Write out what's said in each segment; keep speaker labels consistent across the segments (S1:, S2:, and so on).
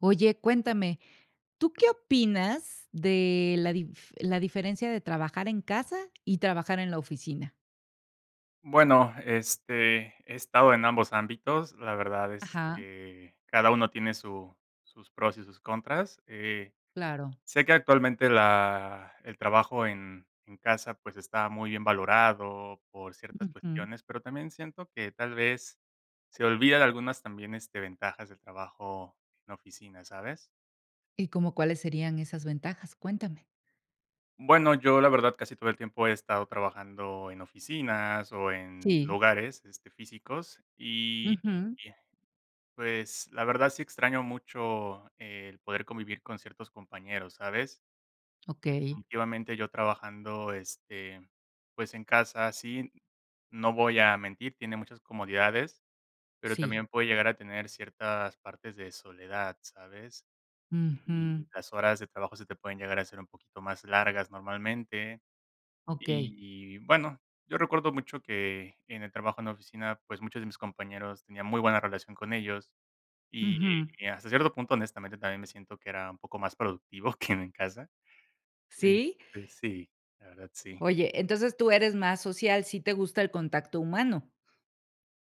S1: Oye, cuéntame, ¿tú qué opinas de la dif la diferencia de trabajar en casa y trabajar en la oficina?
S2: Bueno, este, he estado en ambos ámbitos, la verdad es
S1: Ajá.
S2: que cada uno tiene su sus pros y sus contras, eh,
S1: Claro.
S2: sé que actualmente la el trabajo en en casa, pues, está muy bien valorado por ciertas
S1: Ujú.
S2: cuestiones, pero también siento que tal vez se olvida de algunas también, este, ventajas del trabajo en la oficina, ¿sabes?
S1: ¿Y cómo cuáles serían esas ventajas?, cuéntame.
S2: Bueno, yo la verdad casi todo el tiempo he estado trabajando en oficinas o en
S1: Sí.
S2: lugares, este, físicos, y
S1: Ujú.
S2: y, pues, la verdad sí extraño mucho el poder convivir con ciertos compañeros, ¿sabes?,
S1: Okey.
S2: definitivamente yo trabajando, este, pues en casa, sí, no voy a mentir, tiene muchas comodidades, pero
S1: Sí.
S2: también puede llegar a tener ciertas partes de soledad, ¿sabes?, y
S1: Ujú.
S2: las horas de trabajo se te pueden llegar a ser un poquito más largas normalmente,
S1: Okey.
S2: y bueno, yo recuerdo mucho que en el trabajo en la oficina, pues, muchos de mis compañeros tenía muy buena relación con ellos y,
S1: Ujú.
S2: hasta cierto punto, honestamente, también me siento que era un poco más productivo que en mi casa,
S1: ¿Sí?
S2: este, sí, la verdad, sí.
S1: Oye, entonces, ¿tú eres más social?, sí te gusta el contacto humano.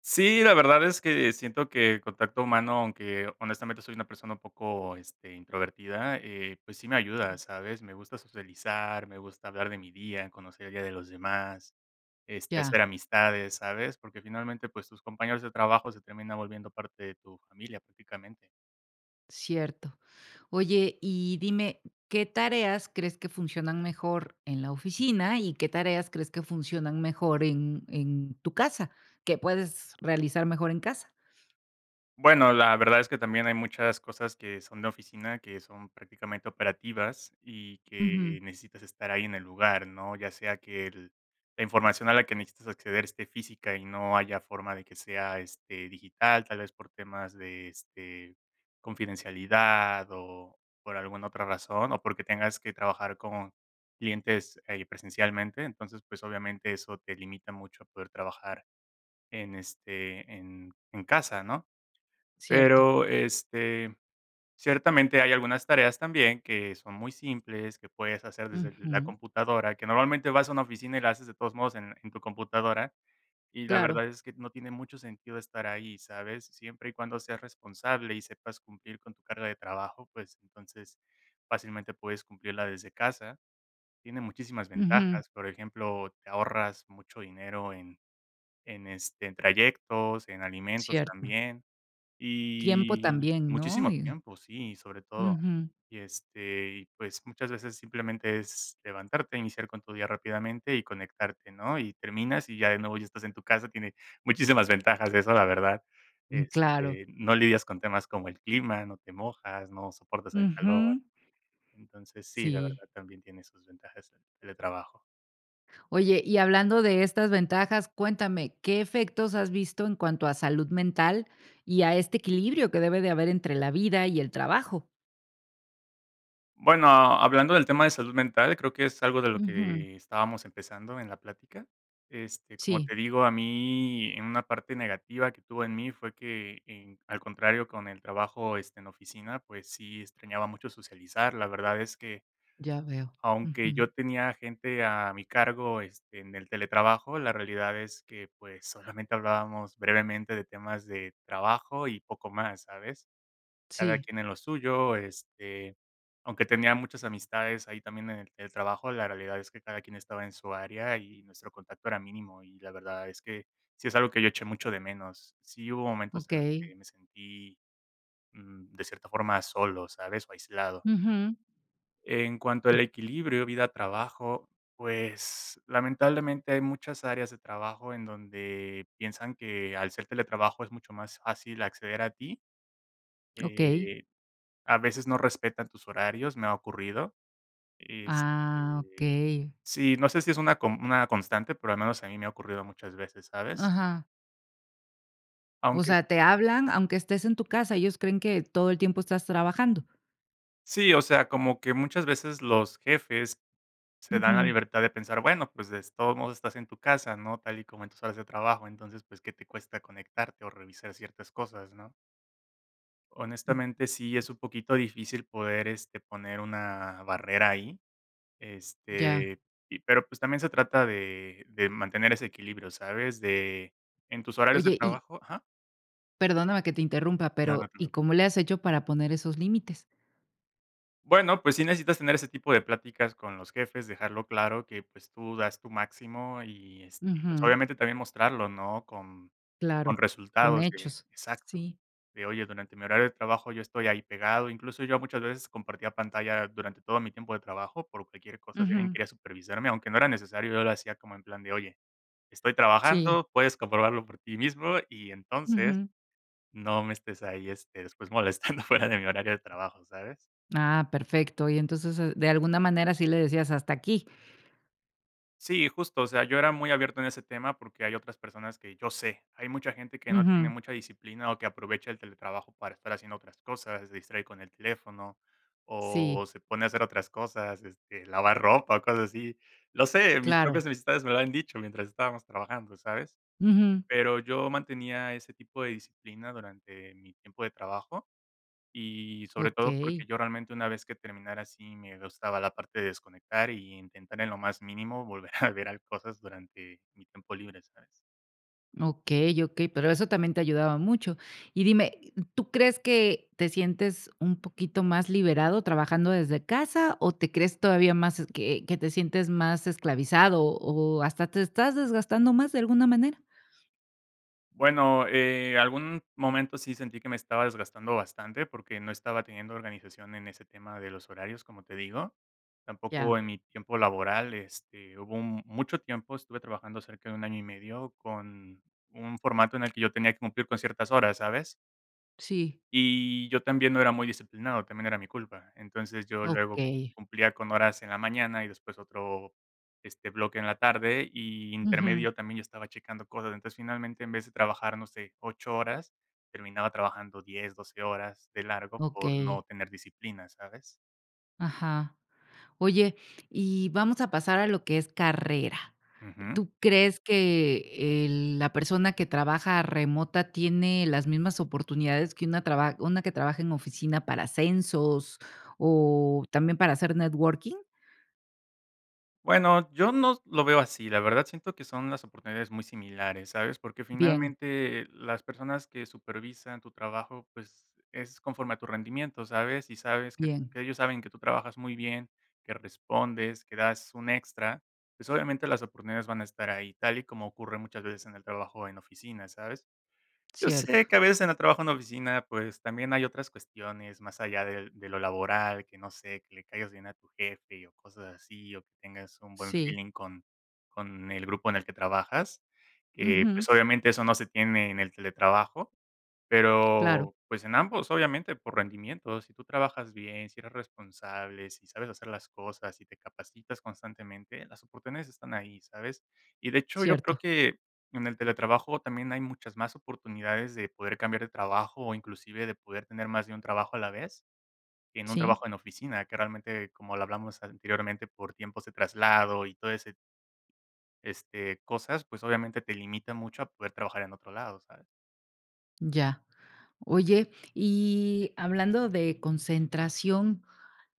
S2: Sí, la verdad es que siento que contacto humano, aunque honestamente soy una persona un poco, este, introvertida, eh, pues sí me ayuda, ¿sabes?, me gusta socializar, me gusta hablar de mi día, conocer el día de los demás, este,
S1: Ya.
S2: hacer amistades, ¿sabes?, porque finalmente, pues, tus compañeros de trabajo se terminan volviendo parte de tu familia prácticamente.
S1: Cierto, oye, y dime, ¿qué tareas crees que funcionan mejor en la oficina y qué tareas crees que funcionan mejor en en tu casa, que puedes realizar mejor en casa?
S2: Bueno, la verdad es que también hay muchas cosas que son de oficina, que son prácticamente operativas, y
S1: Ujú.
S2: que necesitas estar ahí en el lugar, ¿no?, ya sea que el la información a la que necesitas acceder esté física y no haya forma de que sea, este, digital, tal vez por temas de, este, confidencialidad o por alguna otra razón o porque tengas que trabajar con clientes ahí presencialmente, entonces, pues, obviamente, eso te limita mucho a poder trabajar en, este, en en casa, ¿no?,
S1: Cierto.
S2: pero, este, ciertamente hay algunas tareas también que son muy simples, que puedes hacer desde la
S1: Ujú.
S2: computadora, que normalmente vas a una oficina y la haces de todos modos en en tu computadora, y la
S1: Claro.
S2: verdad es que no tiene mucho sentido estar ahí, ¿sabes?, siempre y cuando seas responsable y sepas cumplir con tu carga de trabajo, pues, entonces, fácilmente puedes cumplirla desde casa, tiene muchísimas
S1: Ujú.
S2: ventajas, por ejemplo, te ahorras mucho dinero en en, este, en trayectos, en alimentos
S1: Cierto.
S2: también,
S1: Tiempo
S2: y
S1: también, ¿no?,
S2: muchísimo
S1: y.
S2: tiempo, sí, sobre todo
S1: Ujú.
S2: y, este, y pues muchas veces simplemente es levantarte, iniciar con tu día rápidamente y conectarte, ¿no?, y terminas y ya de nuevo ya estás en tu casa, tiene muchísimas ventajas eso la verdad,
S1: Mm, claro.
S2: este, no lidias con temas como el clima, no te mojas, no soportas el calor,
S1: Ujú.
S2: entonces sí, la
S1: Sí.
S2: verdad también tiene sus ventajas el teletrabajo.
S1: Oye, y hablando de estas ventajas, cuéntame, ¿qué efectos has visto en cuanto a salud mental y a este equilibrio, que debe de haber entre la vida y el trabajo?
S2: Bueno, hablando del tema de salud mental, creo que es algo de lo
S1: Ujú.
S2: que estábamos empezando en la plática. Este, como
S1: Sí.
S2: te digo, a mí en una parte negativa que tuvo en mí fue que en al contrario con el trabajo, este, en oficina pues, sí extrañaba mucho socializar la verdad es que,
S1: Ya veo.
S2: aunque
S1: Ujú.
S2: yo tenía gente a mi cargo, este, en el teletrabajo, la realidad es que, pues, solamente hablábamos brevemente de temas de trabajo y poco más, ¿sabes? Cada
S1: Sí.
S2: quien en lo suyo, este, aunque tenía muchas amistades ahí también en el trabajo, la realidad es que cada quien estaba en su área y nuestro contacto era mínimo, y la verdad es que sí es algo que yo eché mucho de menos. Sí hubo momentos en los
S1: Okey.
S2: que me sentí, mm, de cierta forma solo, ¿sabes?, o aislado.
S1: Ujú.
S2: En cuanto al equilibrio, vida, trabajo, pues, lamentablemente hay muchas áreas de trabajo en donde piensan que al ser teletrabajo, es mucho más fácil acceder a ti.
S1: Okey.
S2: A veces no respetan tus horarios, me ha ocurrido,
S1: Ah,
S2: este,
S1: okey.
S2: sí no sé, si es una com una constante, pero, al menos a mí me ha ocurrido muchas veces, ¿sabes?
S1: Ajá. O
S2: Aunque, fi.
S1: sea, ¿te hablan aunque estés en tu casa, ellos creen que todo el tiempo estás trabajando?
S2: Sí, o sea, como que muchas veces los jefes se dan la
S1: Ujú.
S2: libertad de pensar, bueno, pues, des todos modos estás en tu casa, ¿no? Tal y como en tus horas de trabajo, entonces, pues, ¿qué te cuesta conectarte o revisar ciertas cosas, no?
S1: Mm.
S2: Honestamente, sí es un poquito difícil poder, este, poner una barrera ahí,
S1: Ya.
S2: este, y, pero, pues, también se trata de de mantener ese equilibrio, ¿sabes? De, en tus horarios de
S1: Oye, y.
S2: trabajo, ¿ajá?
S1: Perdóname que te interrumpa,
S2: No, no
S1: pero,
S2: te
S1: ¿y
S2: preocupes.
S1: cómo le has hecho para poner esos límites?
S2: Bueno, pues sí necesitas tener ese tipo de pláticas con los jefes, dejarlo claro que, pues tú das tu máximo y, este, pues
S1: Ujú.
S2: obviamente también mostrarlo, ¿no? Con con
S1: Claro, con
S2: resultados de
S1: hechos,
S2: Exacto,
S1: sí.
S2: de: "Oye durante mi horario de trabajo yo estoy ahí pegado", incluso yo muchas veces compartía pantalla durante todo mi tiempo de trabajo por cualquier cosa, si alguien
S1: Ujú.
S2: quería supervisarme, aunque no era necesario, yo lo hacía como en plan de: "Oye, estoy
S1: Sí.
S2: trabajando, puedes comprobarlo por ti mismo y entonces
S1: Ujú.
S2: no me estés ahí, este, después molestando fuera de mi horario de trabajo, ¿sabes?"
S1: Ah, perfecto. Y entonces, e de alguna manera, sí le decías hasta aquí.
S2: Sí, justo, o sea, yo era muy abierto en ese tema porque hay otras personas que yo sé, hay mucha gente que no tiene
S1: Ujú.
S2: mucha disciplina o que aprovecha el teletrabajo para estar haciendo otras cosas, se distrae con el teléfono o,
S1: Sí.
S2: se pone a hacer otras cosas, este, lavar ropa o cosas así. Lo sé, mis
S1: Claro.
S2: propias amistades me lo han dicho mientras estábamos trabajando, ¿sabes?
S1: Ujú.
S2: Pero yo mantenía ese tipo de disciplina durante mi tiempo de trabajo, y sobre todo porque
S1: Okey.
S2: yo realmente, una vez que terminara así me gustaba la parte de desconectar, y intentar en lo más mínimo volver a ver cosas durante, mi tiempo libre, ¿sabes?
S1: Okey, okey, pero eso también te ayudaba mucho. Y dime, e ¿tú crees que te sientes un poquito más liberado trabajando desde casa o te crees todavía más, eh, que que te sientes más esclavizado o hasta te estás desgastando más de alguna manera?
S2: Bueno, eh, algún momento sí sentí que me estaba desgastando bastante, porque no estaba teniendo organización en ese tema de los horarios, como te digo. Tampoco
S1: Ya.
S2: en mi tiempo laboral, este, hubo un mucho tiempo, estuve trabajando cerca de un año y medio con un formato en el que yo tenía que cumplir con ciertas horas, ¿sabes?
S1: Sí.
S2: Y yo también no era muy disciplinado, también era mi culpa. Entonces, yo luego
S1: Okey.
S2: cumplía con horas en la mañana y después otro, este, bloque en la tarde, y
S1: Ujú.
S2: intermedio también estaba checando cosas. Entonces, finalmente, en vez de trabajar, no sé, 8 horas, terminaba trabajando 10, 12 horas de largo por no
S1: Okey.
S2: tener disciplina, ¿sabes?
S1: Ajá. Oye, y vamos a pasar a lo que es carrera.
S2: Ujú.
S1: ¿Tú crees que el la persona que trabaja remota tiene las mismas oportunidades que una traba una que trabaja en oficina para ascensos o también para hacer networking?
S2: Bueno, yo no lo veo así, la verdad, siento que son las oportunidades muy similares, ¿sabes? Porque,
S1: Bien.
S2: finalmente, las personas que supervisan tu trabajo, pues, es conforme a tu rendimiento, ¿sabes? Y sabes que
S1: Bien.
S2: que ellos saben que tú trabajas muy bien, que respondes, que das un extra, pues, obviamente, las oportunidades van a estar ahí, tal y como ocurre muchas veces en el trabajo en oficinas, ¿sabes? Yo sé
S1: Cierto.
S2: que, a veces, en el trabajo en la oficina, pues, también hay otras cuestiones más allá del de lo laboral, que, no sé, que le caigas bien a tu jefe o cosas así, o que tengas un buen
S1: Sí.
S2: feeling con con el grupo en el que trabajas, que, eh,
S1: Ujú.
S2: pues, obviamente, eso no se tiene en el teletrabajo.
S1: Claro.
S2: Pero, pues, en ambos, obviamente, por rendimiento, si tú trabajas bien, si eres responsable, si sabes hacer las cosas y te capacitas constantemente, las oportunidades están ahí, ¿sabes? Y, de hecho, yo creo
S1: Cierto.
S2: que en el teletrabajo también hay muchas más oportunidades de poder cambiar de trabajo o, inclusive, de poder tener más de un trabajo a la vez, que en un
S1: Sí.
S2: trabajo en oficina que, realmente, como lo hablamos anteriormente, por tiempos de traslado y todo ese este, cosas, pues, obviamente, te limita mucho a poder trabajar en otro lado, ¿sabes?
S1: Ya. Oye, y hablando de concentración,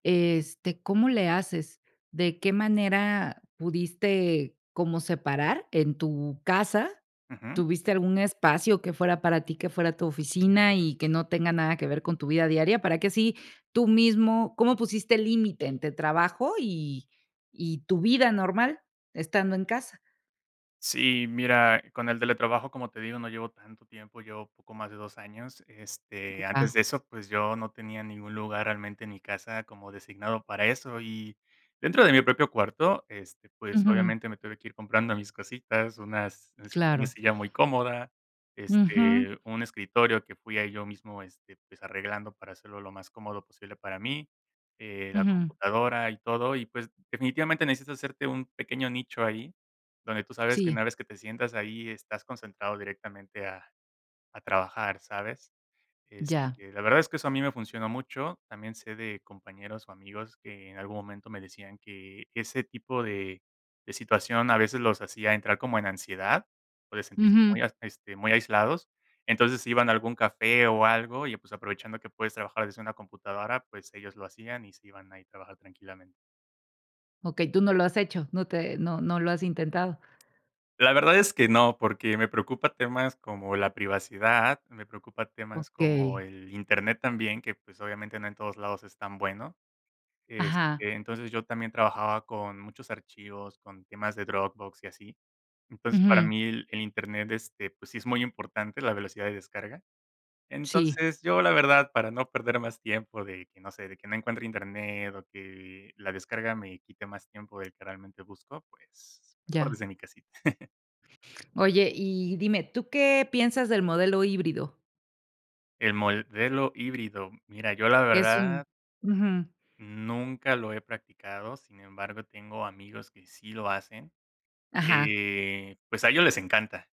S1: este, ¿cómo le haces? ¿De qué manera pudiste como separar en tu casa?
S2: Ujú.
S1: ¿Tuviste algún espacio que fuera para ti, que fuera tu oficina y que no tenga nada que ver con tu vida diaria? Para que así tú mismo, ¿cómo pusiste límite entre trabajo y y tu vida normal, estando en casa?
S2: Sí, mira, con el teletrabajo, como te digo, no llevo tanto tiempo, llevo poco más de 2 años, este, antes
S1: Ah.
S2: de eso, pues, yo no tenía ningún lugar, realmente, en mi casa, como designado para eso. Y dentro de mi propio cuarto, este, pues,
S1: Ujú.
S2: obviamente, me tuve que ir comprando mis cositas, unas este, una
S1: Claro.
S2: silla muy cómoda,
S1: Ujú.
S2: este, un escritorio que fui ahí yo mismo, este, pues, arreglando para hacerlo lo más cómodo posible para mí, eh, la
S1: Ujú.
S2: computadora y todo, y, pues, definitivamente, necesitas hacerte un pequeño nicho ahí donde tú sabes que
S1: Sí.
S2: una vez que te sientas ahí, estás concentrado directamente a a trabajar, ¿sabes?
S1: Ya.
S2: Este, la verdad es que eso a mí me funcionó mucho. También sé de compañeros o amigos que en algún momento me decían que ese tipo de de situación, a veces, los hacía entrar como en ansiedad o de sentirse
S1: Ujú.
S2: muy, este, muy aislados, entonces, se iban a algún café o algo y, pues, aprovechando que puedes trabajar desde una computadora, pues, ellos lo hacían y se iban ahí a trabajar tranquilamente.
S1: Okey, ¿tú no lo has hecho, no te no no lo has intentado?
S2: La verdad es que no, porque me preocupa temas como la privacidad, me preocupa temas como
S1: Okey.
S2: el Internet también, que, pues, obviamente, no en todos lados es tan bueno. Este,
S1: Ajá.
S2: entonces, yo también trabajaba con muchos archivos, con temas de Dropbox y así. Entonces, para
S1: Ujú.
S2: mí, el el Internet, este, pues, sí es muy importante, la velocidad de descarga.
S1: Sí.
S2: Entonces, yo, la verdad, para no perder más tiempo, de que, no sé, o que no encuentre internet o que la descarga me quite más tiempo del que realmente busco, pues, mejor
S1: Ya.
S2: desde mi casita.
S1: Oye, y dime, ¿tú qué piensas del modelo híbrido?
S2: El modelo híbrido. Mira, yo, la
S1: Que es un
S2: verdad
S1: ujú.
S2: nunca lo he practicado, sin embargo, tengo amigos que sí lo hacen,
S1: Ajá.
S2: eh, pues a ellos les encanta.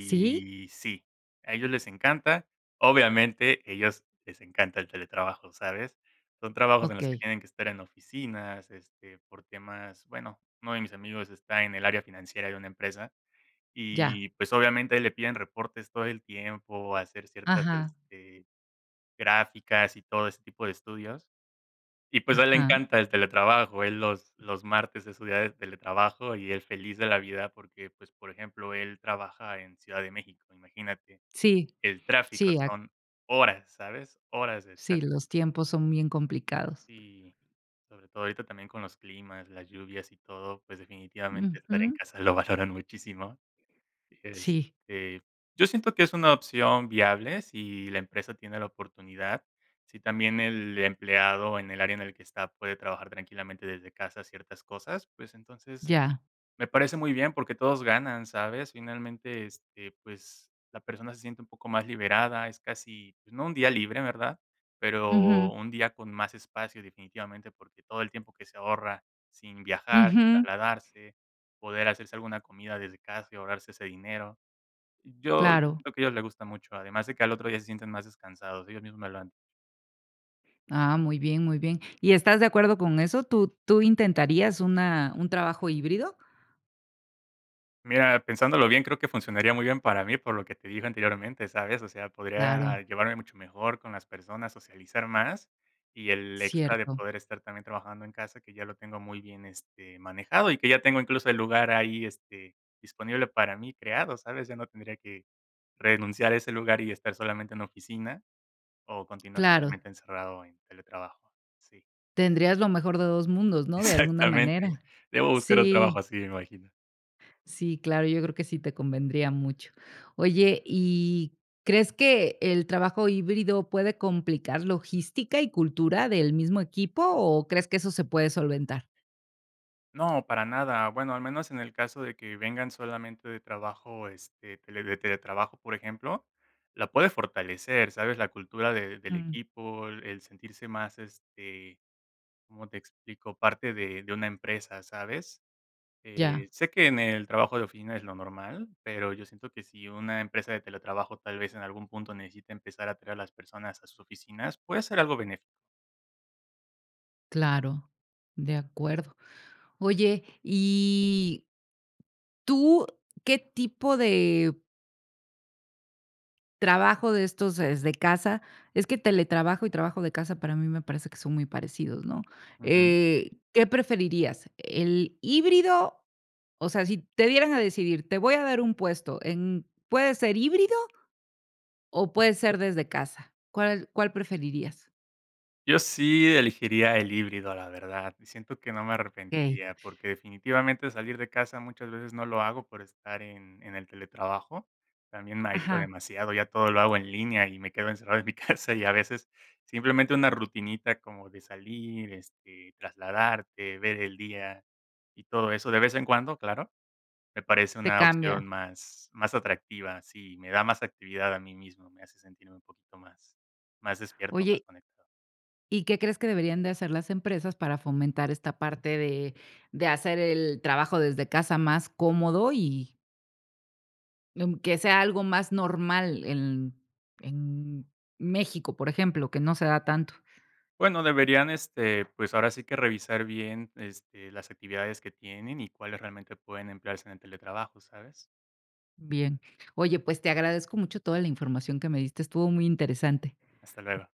S1: ¿Sí?
S2: sí, a ellos les encanta. Obviamente, ellos les encanta el teletrabajo, ¿sabes? Son trabajos en los que
S1: Okey.
S2: tienen que estar en oficinas, este, por temas, bueno, uno de mis amigos está en el área financiera de una empresa,
S1: Ya.
S2: y pues, obviamente le piden reportes todo el tiempo, hacer ciertas,
S1: Ajá.
S2: este, gráficas y todo ese tipo de estudios. Y, pues, a él le
S1: Ajá.
S2: encanta el teletrabajo, él los los martes es su día de teletrabajo y él feliz de la vida porque, pues, por ejemplo, él trabaja en Ciudad de México imagínate
S1: Sí.
S2: que el tráfico
S1: Sí, a
S2: son horas, ¿sabes? Horas de
S1: Sí,
S2: tráfico
S1: los tiempos son bien complicados.
S2: sí, sobre todo, ahorita también, con los climas, las lluvias y todo, pues, definitivamente estar en
S1: Ujú.
S2: casa lo valoran muchísimo,
S1: Sí.
S2: este, yo siento que es una opción viable, si la empresa tiene la oportunidad, si también el empleado en el área en el que está puede trabajar tranquilamente desde casa ciertas cosas, pues, entonces
S1: Ya.
S2: me parece muy bien porque todos ganan, ¿sabes? Finalmente, este, pues, la persona se siente un poco más liberada, es casi, pues, no un día libre, ¿verdad? Pero,
S1: Ujú.
S2: un día con más espacio definitivamente, porque, todo el tiempo que se ahorra sin viajar,
S1: Ujú.
S2: trasladarse, poder hacerse alguna comida desde casa y ahorrarse ese dinero. Yo yo
S1: Claro.
S2: siento que a ellos les gusta mucho, además de que al otro día se sienten más descansados ellos mismos me lo han
S1: Ah, muy bien, muy bien. ¿Y estás de acuerdo con eso? ¿Tú tú intentarías una un trabajo híbrido?
S2: Mira, pensándolo bien, creo que funcionaría muy bien para mí, por lo que te dije anteriormente, ¿sabes? O sea,
S1: Claro.
S2: podría llevarme mucho mejor con las personas, socializar más y el extra de
S1: Cierto.
S2: poder estar también trabajando en casa, que ya lo tengo muy bien, este, manejado y que ya tengo incluso el lugar ahí, este, disponible para mí creado, ¿sabes? Ya no tendría que renunciar a ese lugar y estar solamente en oficina o continuar
S1: Claro.
S2: solamente encerrado en teletrabajo. Sí.
S1: Tendrías lo mejor de 2 mundos, ¿no? De alguna manera.
S2: Exactamente. Debo buscar un trabajo
S1: Sí.
S2: así, me imagino.
S1: Sí, claro, yo creo que sí te convendría mucho. Oye, ¿y crees que el trabajo híbrido puede complicar logística y cultura del mismo equipo, o crees que eso se puede solventar?
S2: No, para nada. Bueno, al menos en el caso de que vengan solamente de trabajo, este, te le le teletrabajo, por ejemplo, la puedes fortalecer, ¿sabes? La cultura de del
S1: Mm.
S2: equipo, el sentirse más, este, ¿cómo te explico? Parte de de una empresa, ¿sabes?
S1: Ya.
S2: Eh, sé que en el trabajo de oficina es lo normal, pero yo siento que si una empresa de teletrabajo tal vez en algún punto necesita empezar a traer a las personas a sus oficinas, puede ser algo benéf
S1: Claro, de acuerdo, oye, y tu que tipo de trabajo de estos, ¿desde casa? Es que teletrabajo y trabajo de casa, para mí me parece que son muy parecidos, ¿no?
S2: Ujú.
S1: Eh, ¿qué preferirías, el híbrido? O sea, si te dieran a decidir, te voy a dar un puesto en puede ser híbrido o, puede ser desde casa, ¿cuál cuál preferirías?
S2: Yo sí elegiría el híbrido, la verdad, siento que no me
S1: Okey.
S2: arrepentiría porque, definitivamente, salir de casa muchas veces no lo hago por estar en en el teletrabajo, también me aíslo
S1: Ajá.
S2: demasiado, ya todo lo hago en línea, y me quedo encerrado en mi casa y a veces simplemente una rutinita, como de salir, este, trasladarte, ver el día y todo eso, de vez en cuando, claro, me parece
S1: Te
S2: una opción
S1: cambia.
S2: más más atractiva si me da más actividad a mí mismo, me hace sentirme un poquito más más despierto más
S1: Oye
S2: conectado.
S1: ¿Y qué crees que deberían de hacer las empresas para fomentar esta parte de de hacer el trabajo desde casa más cómodo? Y mm, que sea algo más normal en en México, ¿por ejemplo? Que no se da tanto.
S2: Bueno, deberían, este, pues ahora sí que revisar bien, este, las actividades que tienen y cuáles realmente pueden emplearse en el teletrabajo, ¿sabes?
S1: Bien. Oye, pues, te agradezco mucho toda la información que me diste, estuvo muy interesante.
S2: Hasta luego.